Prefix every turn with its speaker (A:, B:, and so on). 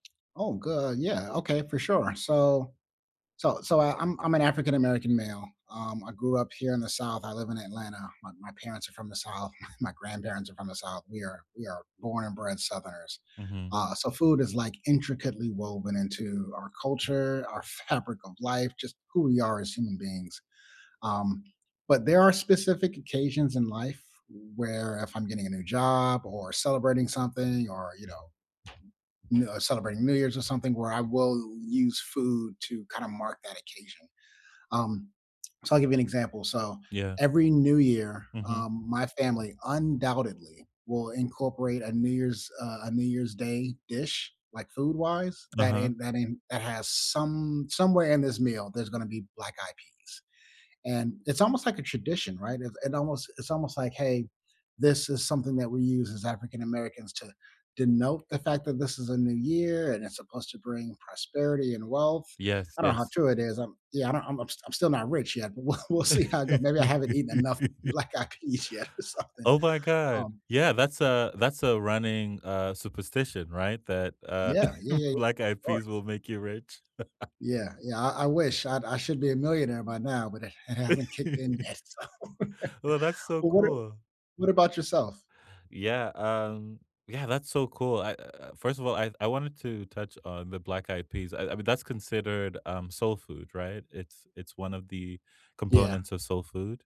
A: Oh, good on yeah, okay, for sure. So so so I'm I'm an African American male, um, I grew up here in the South, I live in Atlanta, my my parents are from the South, my grandparents are from the South; we are we are born and bred Southerners,
B: Mhm.
A: uh, so food is, like, intricately woven into our culture, our fabric of life, just who we are as human beings, um, but there are specific occasions in life where if I'm getting a new job or celebrating something or, you know you know, celebrating New Years, or something, where I will use food to kinda mark that occasion. Um, so I'll give you an example, so,
B: Yeah.
A: every New Year,
B: Mhm.
A: um, my family undoubtedly will incorporate a New Year's, uh a New Year's Day dish, like, food-wise, that
B: Uh-huh.
A: in that in that has some somewhere in this meal there's gonna be black-eyed peas, and it's almost, like, a tradition, right? It it almost it's almost, like, "Hey, this is something that we use as African Americans to denote the fact that this is a new year and it's supposed to bring prosperity and wealth."
B: Yes,
A: I don't know how
B: yes.
A: true it is. I'm yeah, I'm I'm st I'm still not rich yet, but we'll we'll see how it go maybe I haven't eaten enough black-eyed peas yet or something,
B: Oh, my god.
A: um
B: Yeah, that's a that's a running, uh, superstition, right, that, uh,
A: Yeah, yeah, yeah.
B: black-eyed
A: Sure.
B: peas will make you rich.
A: Yeah, yeah, I I wish. I I should be a millionaire by now, but it hasn't kicked in yet so
B: Well, that's so
A: Well, what a
B: cool.
A: what about yourself?
B: Yeah, um yeah, that's so cool. I uh, first of all, I I wanted to touch on the black-eyed peas. I I mean, that's considered, um, soul food, right? It's it's one of the
A: Yeah.
B: components of soul food?